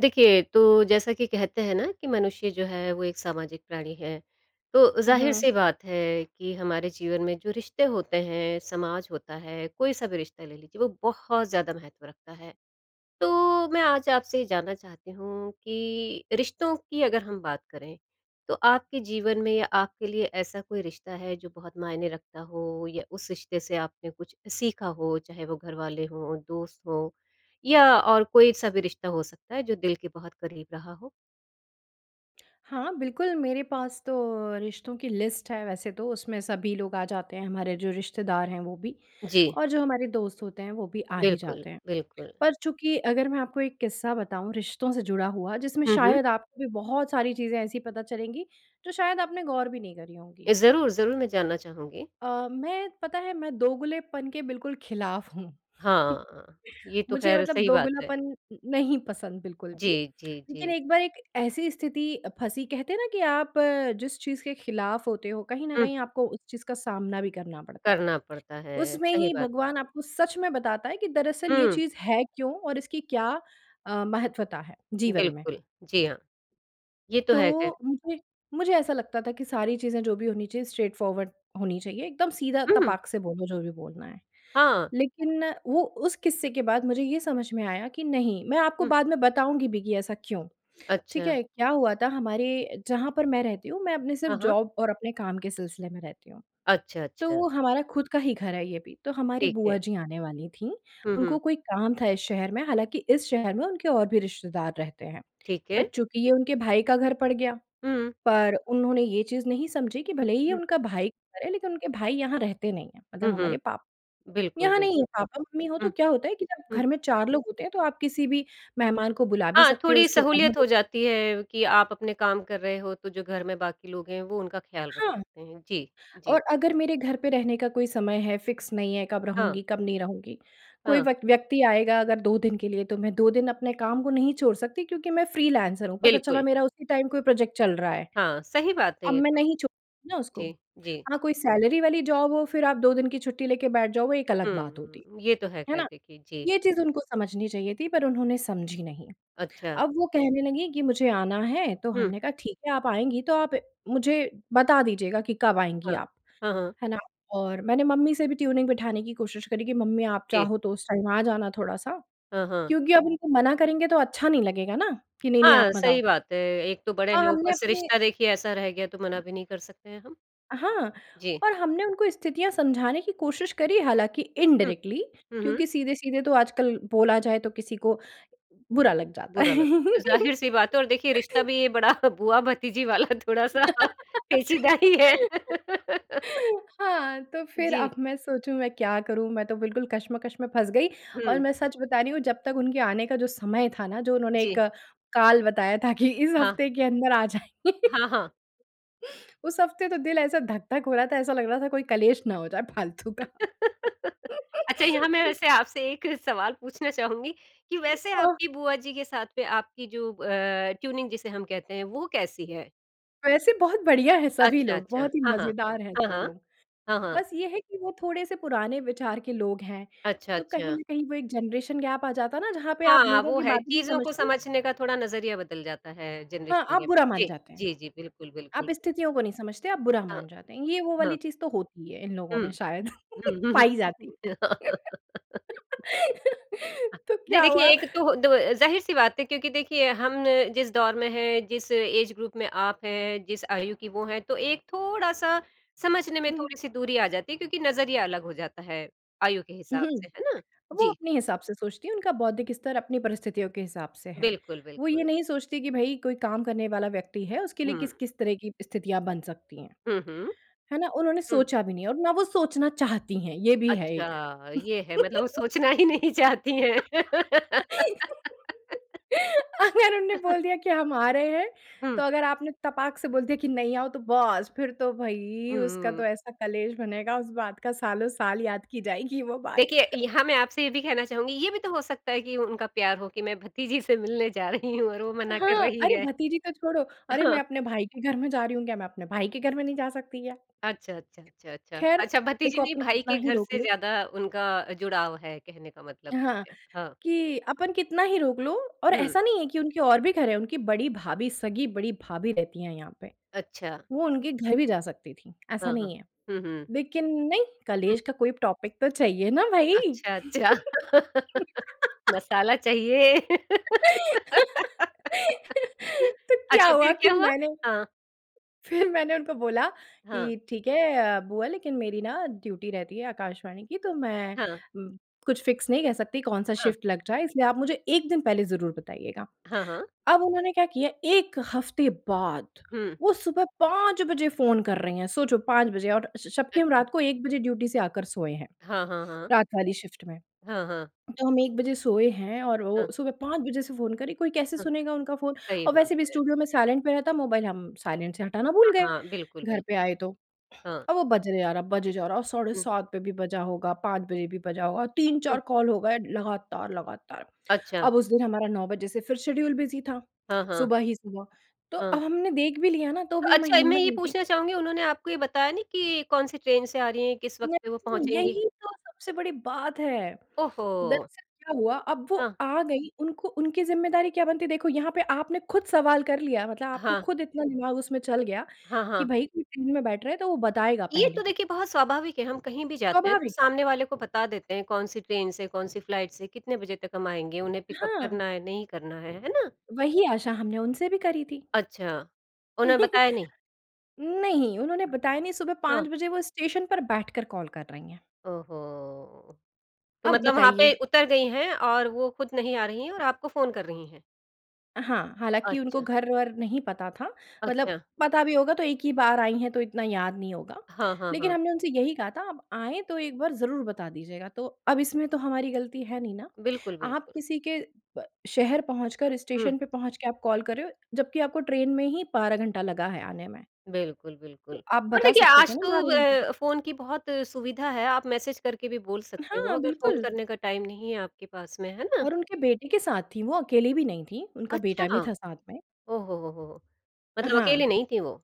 देखिए, तो जैसा कि कहते हैं ना कि मनुष्य जो है वो एक सामाजिक प्राणी है। तो उ, हुँ। ज़ाहिर-सी बात है कि हमारे जीवन में जो रिश्ते होते हैं, समाज होता है, कोई-सा भी रिश्ता ले लीजिए वो बहुत ज़्यादा महत्व रखता है। तो मैं आज आपसे ये जानना चाहती हूँ कि रिश्तों की अगर हम बात करें, तो आपके जीवन में या आपके लिए ऐसा कोई रिश्ता है जो बहुत मायने रखता हो? या उस रिश्ते से आपने कुछ सीखा हो? चाहे वो घरवाले हों, दोस्त हों, या और कोई-सा भी रिश्ता हो सकता है जो दिल के बहुत करीब रहा हो? हाँ, बिल्कुल। मेरे पास तो रिश्तों की लिस्ट है वैसे, तो उसमें सभी लोग आ जाते हैं हमारे जो रिश्तेदार हैं वो भी। जी। और जो हमारे दोस्त होते हैं वो भी आ ही बिल्कुल, जाते हैं। बिल्कुल। पर चूँकि अगर मैं आपको एक किस्सा बताऊँ रिश्तों से जुड़ा हुआ जिसमें हुँ, हुँ। शायद आपको भी बहुत सारी चीजें ऐसी पता चलेंगी जो शायद आपने गौर भी नहीं करी होंगी। ए ज़रूर, ज़रूर। में जानना चाहूँगी। अ, मैं पता है मैं दोगलेपन के बिल्कुल ख़िलाफ़ हूँ। हाँ। ये तो मुझे ख़ैर मतलब सही बात है। दोगलापन न नहीं पसंद बिल्कुल भी। जी, जी, लेकिन जी। एक बार एक ऐसी स्थिति फँसी, कहते हैं ना कि आप अ, जिस चीज़ के ख़िलाफ़ होते हो कहीं न हुँ। कहीं आपको उस चीज़ का सामना भी करना पड़ता है। करना पड़ता है। उसमें सही ही बात है। भगवान आपको सच में बताता है कि दरअसल ये हुँ। चीज़ है क्यों और इसकी क्या अ, महत्त्वता है, जीवन में? बिल्कुल। जी, हाँ। ये तो है ख़ैर। तो मुझे मुझे ऐसा लगता था कि सारी चीजें जो भी होनी चाहिए स्ट्रेट फॉरवर्ड होनी चाहिए एकदम सीधा हुँ। तपाक से बोलो जो भी बोलना है। हाँ। लेकिन वो उस किस्से के बाद मुझे ये समझ में आया कि नहीं, मैं आपको हुँ। बाद में बताऊँगी भी कि ऐसा क्यों? ठीक अच्छा। है। क्या हुआ था हमारे जहाँ पर मैं रहती हूँ मैं अपने हाँ, सिर्फ़ हाँ। जॉब और अपने काम के सिलसिले में रहती हूँ। अच्छा, अच्छा। तो हमारा खुद का ही घर है ये भी। तो हमारी ठीक है। बुआ जी आने वाली थीं, हुँ, उनको हुँ। कोई काम था इस शहर में। हालाँकि इस शहर में उनके और भी रिश्तेदार रहते हैं। ठीक पर है। चूँकि ये उनके भाई का घर पड़ गया, हुँ। पर उन्होंने ये चीज़ नहीं समझी कि भले ही ये हुँ। उनके भाई का घर है लेकिन उनके भाई यहाँ रहते नहीं हैं। हुँ, मतलब हमारे हुँ। पाप बिल्कुल, यहाँ नहीं हैं। बिल्कुल। पापा-मम्मी हों तो हुँ। क्या होता है कि जब हुँ। घर में 4 लोग होते हैं तो आप किसी भी मेहमान को बुला भी हाँ, सकती हो, थोड़ी उसकी सहूलियत हो आवभगत जाती है कि आप अपने काम कर रहे हो तो जो घर में बाकी लोग हैं वो उनका ख़्याल रख हाँ। सकतें हैं। जी। और जी। अगर मेरे घर पे रहने का कोई समय है, फिक्स नहीं है, कब हाँ। रहूँगी, कब नहीं रहूँगी। कोई हाँ। व्यक व्यक्ति आएगा अगर 2 दिन के लिए तो मैं 2 दिन अपने काम को नहीं छोड़ सकती क्योंकि मैं फ्रीलांसर हूँ। पता चला बिल्कुल। मेरा उसी टाइम कोई प्रोजेक्ट चल रहा है। हाँ, सही बात है अब ये मैं तो। नहीं छोड़ ना उसको। जी, जी। हाँ, कोई सैलरी वाली जॉब हो, फिर आप 2 दिन की छुट्टी लेके बैठ जाओ वो एक अलग बात हुँ, होती। हुँ। ये तो है है ख़ैर ना? देखिए। जी। ये चीज़ उनको समझनी चाहिए थी पर उन्होंने समझी नहीं। अच्छा। अब वो कहने लगी कि मुझे आना है, तो हुँ। हमने कहा ठीक है आप आएँगी तो आप मुझे बता दीजिएगा कि कब आएँगी हाँ। आप। हाँ, हाँ। है ना, और मैंने मम्मी से भी ट्यूनिंग बिठाने की कोशिश करी कि मम्मी आप जी। चाहो तो उस टाइम आ जाना थोड़ा-सा। हाँ, हाँ। क्योंकि अब उनको मना करेंगे तो अच्छा नहीं लगेगा ना, कि नहीं-नहीं हाँ, आप मत सही आओ। बात है। एक तो बड़े हाँ, हो ऊपर हमने से अपने रिश्ता देखिए ऐसा रह गया तो मना भी नहीं कर सकते हैं हम। हाँ। जी। और हमने उनको स्थितियाँ समझाने की कोशिश करी हालाँकि हुँ। इनडायरेक्टली, हुँ, हुँ। क्योंकि सीधे-सीधे तो आजकल बोला जाए तो किसी को, बुरा लग जाता बुरा लग है। ज़ाहिर-सी बात है और देखिए रिश्ता भी ये बड़ा बुआ-भतीजी वाला थोड़ा-सा पेचीदा ही है। हाँ, तो फिर जी। अब मैं सोचूँ मैं क्या करूँ? मैं तो बिल्कुल कश्मकश में फँस गई। और हुँ। मैं सच बता रही हूँ जब तक उनके आने का जो समय था ना, जो उन्होंने एक जी। काल बताया था कि इस हाँ। हफ़्ते के अंदर आ जाएँ। हाँ, हाँ। उस हफ़्ते तो दिल ऐसा धक-धक हो रहा था, ऐसा लग रहा था कोई क्लेश ना हो जाए फालतू का। अच्छा, यहाँ मैं वैसे आपसे एक सवाल पूछना चाहूँगी। कि अ, वैसे हाँ। आपकी बुआ जी के साथ में आपकी जो अ, ट्यूनिंग जिसे हम कहते हैं, वो कैसी है? वैसे बहुत बढ़िया है सभी अच्छा, लोग, अच्छा। बहुत ही हाँ, हाँ। मज़ेदार हैं हाँ, सब हाँ। लोग। हाँ, हाँ। बस ये है कि वो थोड़े-से पुराने विचार के लोग हैं। अच्छा, तो कहीं अच्छा। न कहीं वो एक जेनरेशन गैप आ जाता ना जहाँ पे आप हाँ, लोगों वो की है बातें नहीं चीज़ों को समझते? समझने का थोड़ा नज़रिया बदल जाता है हाँ, जनरेशन आप गैप बुरा जी, मान जाते हैं। जी, जी। बिल्कुल, आप बिल्कुल। स्थितियों को नहीं समझते, आप बुरा हाँ। मान जाते हैं। ये वो हाँ। वाली चीज़ तो होती है इन लोगों हुँ। में शायद, हुँ, पाई हुँ। जाती। अ, तो नहीं क्या देखिए हुआ एक तो दव ज़ाहिर-सी बात है क्योंकि देखिए हम न जिस दौर में है, जिस एज ग्रुप में आप है, जिस आयु की वो हैं, तो एक थोड़ा-सा समझने में हुँ, हुँ। थोड़ी-सी दूरी आ जाती है। क्योंकि नज़रिया अलग हो जाता है आयु के उ, हिसाब से हुँ। है ना? वो जी। अपने हिसाब से सोचती हैं, उनका बौद्धिक स्तर अपनी परिस्थितियों के हिसाब से है। बिल्कुल, वो ये बिल्कुल। नहीं सोचतीं कि भई कोई काम करने वाला व्यक्ति है, उसके लिए हुँ। किस-किस तरह की स्थितियाँ बन सकती हैं। हुँ, हुँ। है ना, उन्होंने हुँ। सोचा भी नहीं और ना वो सोचना चाहती हैं, ये भी है एक। अच्छा, ये है। मतलब वो सोचना ही नहीं चाहती हैं। अगर उन्होंने बोल दिया कि हम आ रहे हैं, हुँ। तो अगर आपने तपाक से बोल दिया कि नहीं, आओ। तो बस! फिर तो भई हुँ, उसका हुँ। तो ऐसा क्लेश बनेगा उस बात का सालों-साल याद की जाएगी वो बात। देखिए यहाँ मैं आपसे ये भी कहना चाहूँगी ये भी तो हो सकता है कि उनका प्यार हो कि मैं भतीजी से मिलने जा रही हूँ और वो मना कर हाँ। रही "अरे! है। भतीजी तो छोड़ो, अरे! मैं हाँ। अपने भाई के घर में जा रही हूँ। क्या, मैं अपने भाई के घर में नहीं जा सकती क्या?" अच्छा, अच्छा, अच्छा, अच्छा। ख़ैर, अच्छा, भतीजी देखो नहीं, अपन भाई कितना के ही घर रोक से ले ज़्यादा उनका जुड़ाव है कहने का मतलब हाँ, ये है। हाँ। कि अपन कितना ही रोक लो और हुँ। ऐसा नहीं है कि उनके और भी घर हैं। उनकी बड़ी भाभी, सगी बड़ी भाभी रहती हैं यहाँ पे। अच्छा। वो उनके घर भी जा सकती थीं, ऐसा हाँ, हाँ। नहीं है। हुँ, हुँ। लेकिन नहीं, हुँ। क्लेश का कोई टॉपिक तो चाहिए ना भई। अच्छा, अच्छा। मसाला चाहिए। तो क्या अच्छा, हुआ फिर कि क्या हुआ? मैंने हाँ। फिर मैंने उनको बोला हाँ। कि "ठीक है अ, बुआ, लेकिन मेरी ना ड्यूटी रहती है आकाशवाणी की, तो मैं हाँ। कुछ फिक्स नहीं कह सकती कौन-सा हाँ। शिफ्ट लग जाए। इसलिए आप मुझे एक दिन पहले ज़रूर बताइएगा। हाँ, हाँ। अब उन्होंने क्या किया, एक हफ़्ते बाद हुँ। वो सुबह 5 बजे फ़ोन कर रही हैं, सोचो 5 बजे! और स जबकि हम अच्छा। रात को 1 बजे ड्यूटी से आकर सोए हैं। हाँ, हाँ, हाँ। रात वाली शिफ्ट में। हाँ, हाँ। तो हम 1 बजे सोए हैं और वो हाँ। सुबह 5 बजे से फ़ोन कर रही हैं, कोई कैसे हाँ। सुनेगा उनका फ़ोन? सही और बात वैसे भी है। स्टूडियो में साइलेंट पे रहता मोबाइल हम साइलेंट से हटाना भूल हाँ, गए, हाँ। बिल्कुल, घर पे बिल्कुल। आए तो। हाँ। अब वो बजे जा रहा, बजे जा रहा, साढ़े हुँ। 7 पे भी बजा होगा, 5 बजे भी बजा होगा, तीन हुँ। चार कॉल हो गए लगातार-लगातार। अच्छा। अब उस दिन हमारा 9 बजे से फिर शेड्यूल बिज़ी था, हाँ, हाँ। सुबह ही सुबह। तो अ, हाँ। हमने देख भी लिया ना, तो तो भी हमारी अच्छा अ, मैं हिम्मत ये नहीं थी पूछना चाहूँगी उन्होंने आपको ये बताया नहीं कि कौन-सी ट्रेन से आ रही हैं? किस वक़्त पे वो [unintelligible] पहुँचेंगी? यही तो सबसे बड़ी बात है। ओहो! दरअसल क्या हुआ, अब वो हाँ। आ गईं उनको उनकी ज़िम्मेदारी क्या बनती? देखो यहाँ पे आपने खुद सवाल कर लिया, मतलब आपको हाँ। खुद इतना दिमाग उसमें चल गया हाँ, कि हाँ। भई कोई ट्रेन में बैठ रहा है तो वो बताएगा ये तो पहले। देखिए बहुत स्वाभाविक है, हम कहीं भी जाते हैं तो स्वाभाविक बात है। सामने वाले को बता देते हैं कौन-सी ट्रेन से, कौन-सी फ्लाइट से कितने बजे तक हम आएँगे। उन्हें पिकअप हाँ। करना है, नहीं करना है, है ना? वही आशा हमने उनसे भी करी थी। अच्छा। उन्हें बताया नहीं? नहीं, उन्होंने बताया नहीं। सुबह हाँ। 5 बजे वो स्टेशन पर बैठकर कॉल कर रही हैं। ओहो! तो अब मतलब वहाँ बताइए। पे उतर गई हैं और वो खुद नहीं आ रही हैं और आपको फ़ोन कर रही हैं? हाँ, हालाँकि उनको अच्छा। घर-वर नहीं पता था, मतलब अच्छा। पता भी होगा तो एक ही बार आईं हैं तो इतना याद नहीं होगा। हाँ, हाँ, लेकिन हाँ। हमने उनसे यही कहा था, "आप आएँ तो एक बार ज़रूर बता दीजिएगा।" तो अब इसमें तो हमारी गलती है नहीं, ना? बिल्कुल, आप बिल्कुल। किसी के प शहर पहुँचकर, हुँ। स्टेशन पे पहुँच के आप कॉल कर रहे हो, जब्कि को ट्रेन में ही 12 घंटा लगा है आने में। बिल्कुल, तो बिल्कुल। आप पर बता देखिए, सकते थे आज ना तो 12 घंटे। व फ़ोन की बहुत सुविधा है, आप मैसेज करके भी बोल सकते हो हाँ, अगर फ़ोन बिल्कुल। करने का टाइम नहीं है आपके पास में। है ना? और उनके बेटे के साथ थी वो अकेले भी नहीं थी, उनका बेटा अच्छा! भी था साथ में। ओ हो हो हो! मतलब अकेले हाँ। नहीं थीं वो।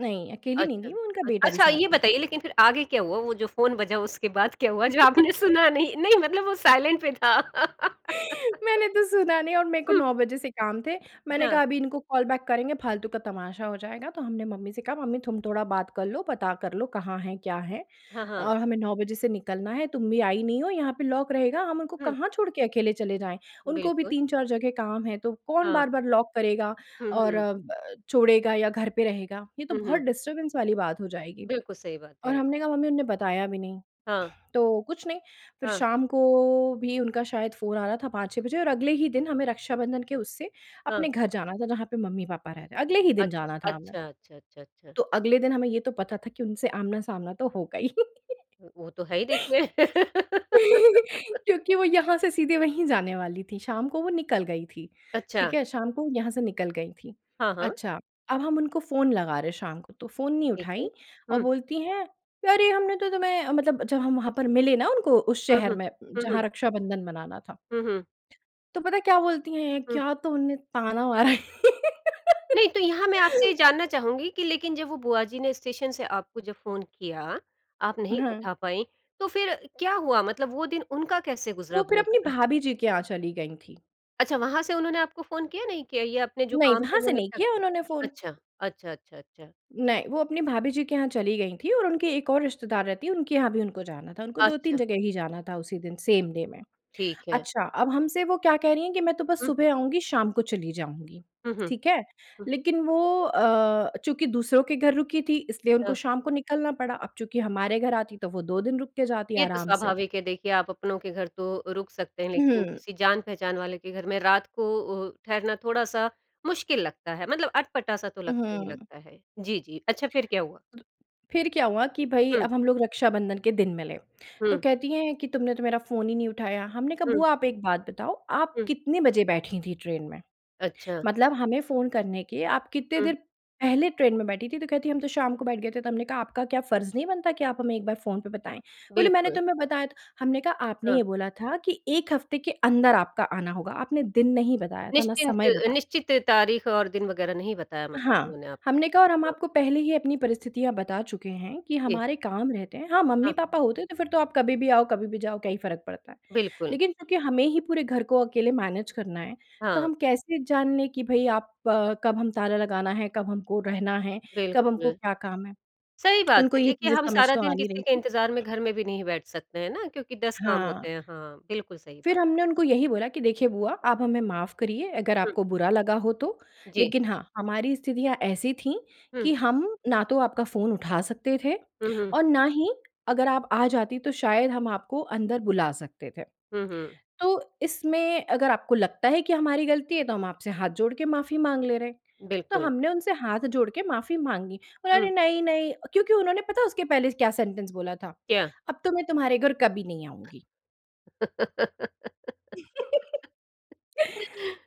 नहीं, अकेली नहीं थी, अच्छा। वो उनका बेटा भी अच्छा, साथ ये में था। बताइए लेकिन फिर आगे क्या हुआ वो जो फ़ोन बजा उसके बाद क्या हुआ? जो आपने सुना नहीं। नहीं मतलब वो साइलेंट पे था। मैंने तो सुना नहीं और मेरे को हुँ। 9 बजे से काम थे। मैंने हाँ। कहा, "अभी इनको कॉल बैक करेंगे, फालतू का तमाशा हो जाएगा। तो हमने मम्मी से कहा, "मम्मी, तुम थोड़ा बात कर लो, पता कर लो कहाँ है, क्या है? हाँ, हाँ। और हमें 9 बजे से निकलना है, तुम भी आई नहीं हो यहाँ पे लॉक रहेगा। हम उनको हुँ। कहाँ छोड़ के अकेले चले जाएँ?" उनको भी बिल्कुल। 3-4 जगह काम है, तो कौन हाँ। बार-बार लॉक करेगा हुँ, और हुँ। अ, छोड़ेगा या घर पे रहेगा? ये तो हुँ, बहुत हुँ। डिस्टर्बेंस वाली बात हो जाएगी। बिल्कुल सही बात है और एक। हमने कहा, "मम्मी, उन्होंने बताया भी नहीं।" हाँ। तो कुछ नहीं, फिर हाँ। शाम को भी उनका शायद फ़ोन आ रहा था 5-6 बजे और अगले ही दिन हमें रक्षाबंधन के उससे हाँ। अपने घर जाना था, जहाँ पे मम्मी-पापा रह रहे हैं, अगले ही दिन अच्छा। जाना था हमें। अच्छा, अच्छा, अच्छा, अच्छा। तो अगले दिन हमें ये तो पता था कि उनसे आमना-सामना तो होगा ही। वो तो है ही देखिए। क्योंकि वो यहाँ से सीधे वहीं जाने वाली थी, शाम को वो निकल गई थी। अच्छा। ठीक है, शाम को वो यहाँ से निकल गई थी। हाँ, हाँ। अच्छा, अब हम उनको फ़ोन लगा रहे शाम को, तो फ़ोन नहीं ठीक है। उठाई और हुँ। बोलती हैं, "अरे! हमने तो तुम्हें "मतलब जब हम वहाँ पर मिले ना उनको उस हुँ, शहर हुँ। में हुँ, हुँ। जहाँ रक्षाबंधन मनाना था। हुँ, हुँ। तो पता है क्या बोलती हैं। हुँ। क्या तो उन्होंने ताना मारा। नहीं तो यहाँ मैं आपसे ये जानना चाहूँगी कि लेकिन जब वो बुआ जी ने स्टेशन से आपको जब फ़ोन किया आप नहीं हाँ। उठा पाईं, तो फिर क्या हुआ? मतलब वो दिन उनका कैसे गुज़रा, वो फिर बुआ अपनी का? भाभी जी के यहाँ चली गई थी। अच्छा, वहाँ से उन्होंने आपको फ़ोन किया नहीं किया? या अपने जो नहीं, काम थे वहाँ वो से नहीं निपटा किया उन्होंने फ़ोन। अच्छा। अच्छा, अच्छा, अच्छा। नहीं, वो अपनी भाभी जी के यहाँ चली गई थी, और उनके एक और रिश्तेदार रहती हैं, उनके यहाँ भी उनको जाना था। उनको 2-3 अच्छा। जगह ही जाना था उसी दिन, सेम डे में। ठीक है। अच्छा, अब हमसे वो क्या कह रही हैं कि "मैं तो बस हुँ। सुबह आऊँगी शाम को चली जाऊँगी।" हुँ, हुँ। ठीक है। हुँ। लेकिन वो अ, चूँकि दूसरों के घर रुकी थी इसलिए उनको हाँ। शाम को निकलना पड़ा। अब चूँकि हमारे घर आती तो वो 2 दिन रुक के जाती ये तो आराम से। स्वाभाविक है देखिए, आप अपनों के घर तो रुक सकते हैं लेकिन हुँ। किसी जान-पहचान वाले के घर में रात को अ, ठहरना थोड़ा-सा मुश्किल लगता है, मतलब अटपटा-सा तो लगता ही हुँ। लगता है। जी, जी। अच्छा फिर क्या हुआ? फिर क्या हुआ कि भई, हुँ। अब हम लोग रक्षाबंधन के दिन मिले। तो हुँ। कहती हैं कि "तुमने तो मेरा फ़ोन ही नहीं उठाया।" हमने कहा, हुँ। "बुआ, आप एक बात बताओ, आप हुँ। कितने बजे बैठी थी ट्रेन में? अच्छा। मतलब हमें फ़ोन करने के आप कितने हुँ। देर पहले ट्रेन में बैठी थी? तो कहती हैं, "हम तो शाम को बैठ गए थे।" तो हमने कहा, "आपका क्या फर्ज़ नहीं बनता कि आप हमें एक बार फ़ोन पे बताएँ?" बोली, "मैंने बिल्कुल। तुम्हें बताया था। "हमने कहा, "आपने हाँ। ये बोला था कि एक हफ़्ते के अंदर आपका आना होगा। आपने दिन नहीं बताया था ना निश्चिंत समय अ बताया। निश्चित तारीख़ और दिन वग़ैरह नहीं बताया मतलब हाँ, उन्होंने आपको। हमने कहा, "और हम हाँ। आपको पहले ही अपनी परिस्थितियाँ बता चुके हैं कि जी। हमारे काम रहते हैं। हाँ, हाँ। मम्मी-पापा होते तो फिर तो आप कभी भी आओ, कभी भी जाओ, क्या ही फर्क पड़ता है। बिल्कुल। लेकिन चूँकि हमें ही पूरे घर को अकेले मैनेज करना है तो हाँ। हम कैसे जान लें कि भई आप अ, कब हम ताला लगाना है? कब हमको रहना है? कब हमको बिल्कुल। क्या काम है? सही बात उनको है। ये देखिए चीज़ें हम समझ सारा तो आ दिन नहीं किसी रही के थी। इंतज़ार में घर में भी नहीं बैठ सकते हैं ना? क्योंकि 10 काम हाँ। होतें हैं। हाँ, बिल्कुल सही बात फिर हमने है। उनको यही बोला कि "देखिए बुआ, आप हमें माफ़ करिए अगर हुँ। आपको बुरा लगा हो तो। जी। लेकिन हाँ, हमारी स्थितियाँ ऐसी थी कि हुँ। हम ना तो आपका फ़ोन उठा सकते थे हुँ, हुँ। और ना ही अगर आप आ जातीं तो शायद हम आपको अंदर बुला सकते थे। हुँ, हुँ। तो इसमें अगर आपको लगता है कि हमारी गलती है तो हम आपसे हाथ जोड़ के माफ़ी माँग ले रहे।" तो बिल्कुल। हमने उनसे हाथ जोड़ के माफ़ी माँगी। "अरे हुँ। नहीं-नहीं" क्योंकि उन्होंने पता उसके पहले क्या सेंटेंस बोला था, क्या? "अब तो मैं तुम्हारे घर कभी नहीं आऊँगी।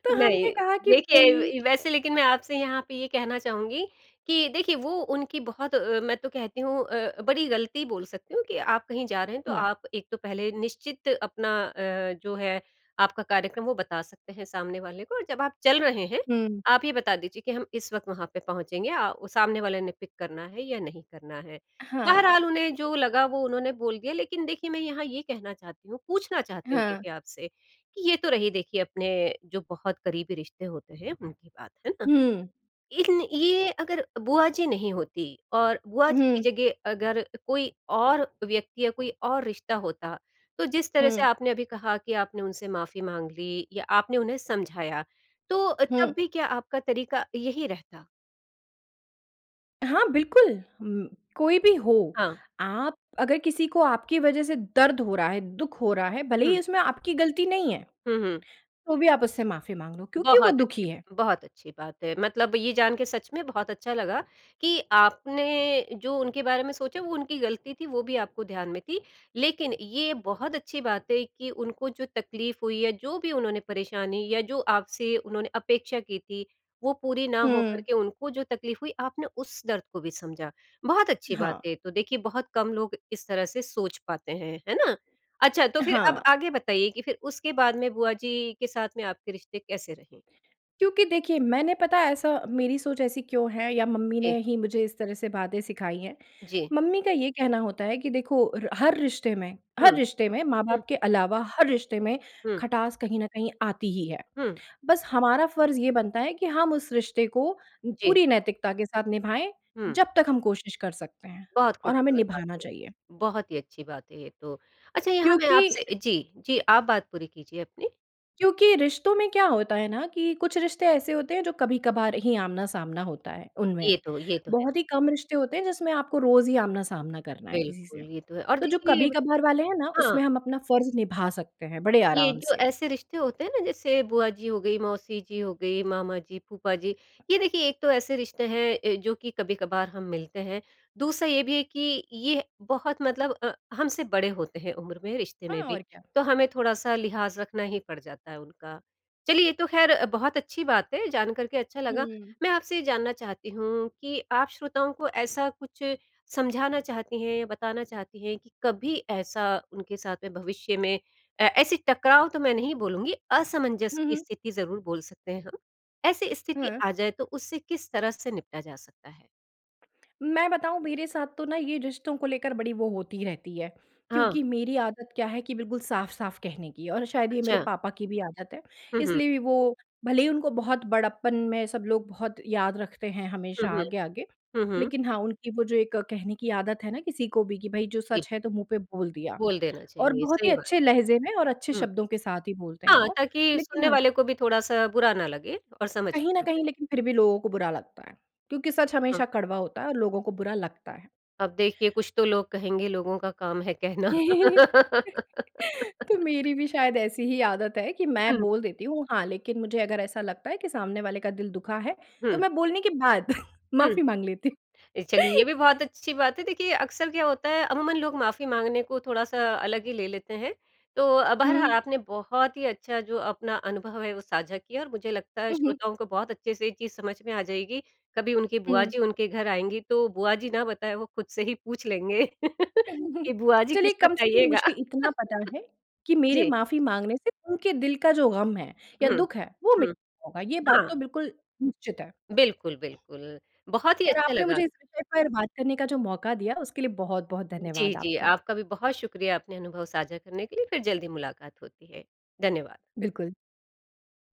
तो हमने नहीं। कहा कि देखिए भई। व वैसे लेकिन मैं आपसे यहाँ पे ये कहना चाहूँगी कि देखिए, वो उनकी बहुत अ, मैं तो कहती हूँ अ, बड़ी गलती बोल सकती हूँ कि आप कहीं जा रहे हैं, तो हाँ। आप एक तो पहले निश्चित अपना अ, जो है आपका कार्यक्रम वो बता सकते हैं सामने वाले को। जब आप चल रहे हैं, हुँ। आप ये बता दीजिए कि हम इस वक़्त वहाँ पे पहुँचेंगे, या अ, सामने वाले ने पिक करना है या नहीं करना है? हाँ। बहरहाल, उन्हें जो लगा वो उन्होंने बोल दिया। लेकिन देखिए, मैं यहाँ ये कहना चाहती हूँ पूछना चाहती हूँ हाँ। क्योंकि आपसे कि ये तो रही देखिए अपने जो बहुत करीबी रिश्ते होते हैं उनकी बात, है ना। हुँ। इन ये अगर बुआ जी नहीं होतीं और बुआ जी की हुँ। जगह अगर कोई और व्यक्ति या कोई और रिश्ता होता, तो जिस तरह से हुँ। आपने अभी कहा कि आपने उनसे माफ़ी माँग ली या आपने उन्हें समझाया, तो तब हुँ। भी क्या आपका तरीका यही रहता? हाँ, बिल्कुल, म कोई भी हो हाँ। आप अगर किसी को आपकी वज़ह से दर्द हो रहा है, दुःख हो रहा है, भले ही हुँ। इसमें आपकी गलती नहीं है। हुँ, हुँ। तो भी आप उससे माफ़ी माँग लो क्योंकि वो बहुत अच्छी दुखी है। बात बहुत अच्छी बात है। मतलब ये जान के सच में बहुत अच्छा लगा, कि आपने जो उनके बारे में सोचा, वो उनकी गलती थी, वो भी आपको ध्यान में थी। लेकिन ये बहुत अच्छी बात है कि उनको जो तकलीफ हुई, या जो भी उन्होंने परेशानी या जो आपसे उन्होंने अपेक्षा की थी, वो पूरी ना हो हुँ। करके उनको जो तकलीफ हुई, आपने उस दर्द को भी समझा। बहुत अच्छी बात हाँ। है ये तो देखिए, बहुत कम लोग इस तरह से सोच पाते हैं। है ना? अच्छा, तो फिर अब हाँ। आगे बताइए कि फिर उसके बाद में बुआ जी के साथ में आपके रिश्ते कैसे रहे? क्योंकि देखिए, मैंने पता ऐसा मेरी सोच ऐसी क्यों है या मम्मी ने जी। ही मुझे इस तरह से बातें सिखाई हैं। जी। मम्मी का ये कहना होता है कि देखो र हर रिश्ते में हर हुँ। रिश्ते में हुँ। माँ-बाप के अलावा हर रिश्ते में हुँ। खटास कहीं न कहीं आती ही है। हुँ। बस हमारा फ़र्ज़ ये बनता है कि हम उस रिश्ते को जी। पूरी नैतिकता के साथ निभाएँ, हुँ। जब तक हम कोशिश कर सकते हैं बहुत और हमें खूबसूरत बात निभाना है। चाहिए। बहुत ही अच्छी बात है ये तो, अच्छा यहाँ मैं क्योंकि आपसे जी, जी। आप बात पूरी कीजिए अपनी। क्योंकि रिश्तों में क्या होता है ना कि कुछ रिश्ते ऐसे होते हैं जो कभी-कभार ही आमना-सामना होता है, उनमें। ये तो ये तो, बहुत ही है। कम रिश्ते होते हैं, जिसमें आपको रोज़ ही आमना-सामना करना है किसी से। बिल्कुल, ये तो है और तो जो देखिए ब कभी-कभार वाले हैं ना, हाँ। उसमें हम अपना फ़र्ज निभा सकते हैं, बड़े ये आराम जो से। ऐसे रिश्ते होते हैं ना, जैसे बुआ जी हो गई, मौसी जी हो गई, मामा जी, फूफा जी ये देखिए एक तो ऐसे रिश्ते हैं अ, जो कि कभी-कभार हम मिलते हैं। दूसरा ये भी है कि ये ह बहुत मतलब अ, हमसे बड़े होते हैं उम्र में, रिश्ते में हाँ, भी, और क्या। तो हमें थोड़ा-सा लिहाज़ रखना ही पड़ जाता है उनका। चलिए ये तो ख़ैर बहुत अच्छी बात है जानकर के अच्छा लगा, हुँ। मैं आपसे ये जानना चाहती हूँ कि आप श्रोताओं को ऐसा कुछ समझाना चाहती हैं, बताना चाहती हैं कि कभी ऐसा उनके साथ में भविष्य में ए ऐसी टकराव तो मैं नहीं बोलूँगी, असमंजस हुँ, की हुँ। स्थिति ज़रूर बोल सकते हैं हम। ऐसी स्थिति हुँ। आ जाए तो उससे किस तरह से निपटा जा सकता है? मैं बताऊँ मेरे साथ तो ना ये रिश्तों को लेकर बड़ी वो होती ही रहती है, हाँ। क्योंकि मेरी आदत क्या है कि बिल्कुल साफ-साफ कहने की और शायद ये मेरे अच्छा। पापा की भी आदत है। हुँ, हुँ। इसलिए भी वो भले ही उनको बहुत बड़प्पन में सब लोग बहुत याद रखते हैं हुँ, हमेशा हुँ। आगे-आगे, हुँ, हुँ। लेकिन हाँ, उनकी वो जो एक कहने की आदत है ना किसी को भी कि, भई जो जी। सच है तो मुँह पे बोल दिया बोल देना और चाहिए, बहुत ही सही बात। अच्छे लहजे में और अच्छे हुँ। शब्दों के साथ ही बोलते हैं हाँ, वो, ताकि लेकिन सुनने हाँ वाले को भी थोड़ा-सा बुरा ना लगे और समझ कहीं में न आ जाए। कहीं लेकिन फिर भी लोगों को बुरा लगता है, क्योंकि सच हाँ। हमेशा कड़वा होता है और लोगों को बुरा लगता है। अब देखिए कुछ तो लोग कहेंगे लोगों का काम है कहना। तो मेरी भी शायद ऐसी ही आदत है कि मैं हुँ। बोल देती हूँ हाँ, लेकिन मुझे अगर ऐसा लगता है कि सामने वाले का दिल दुखा है तो हुँ। मैं बोलने के बाद हुँ। माफ़ी माँग लेती। अ, चलिए ये भी बहुत अच्छी बात है देखिए अक्सर क्या होता है अमूमन लोग माफ़ी माँगने को थोड़ा-सा अलग ही ले लेते हैं। तो अब हर हुँ। आपने बहुत ही अच्छा जो अपना अनुभव है वो साझा किया और मुझे लगता है उ, हुँ। श्रोताओं को बहुत अच्छे से ये चीज़ समझ में आ जाएगी। कभी उनकी बुआ हुँ। जी उनके घर आएँगी, तो बुआ जी ना बताए, वो खुद से ही पूछ लेंगे, कि बुआ जी चलिए किस कम वक़्त से कम आइएगा? मुझे इतना पता है, कि मेरे जी। माफ़ी माँगने से उनके दिल का जो गम है या हुँ। दुःख है वो मिट हुँ। गया होगा। ये बात तो हाँ। बिल्कुल निश्चित है। बिल्कुल, बिल्कुल। बहुत ही और अच्छा आपने लगा। मुझे इस विषय पर बात करने का जो मौका दिया, उसके लिए बहुत-बहुत जी, धन्यवाद जी। आपका। आपका भी बहुत शुक्रिया अपने अनुभव साझा करने के लिए फिर जल्दी मुलाकात होती है। धन्यवाद। बिल्कुल।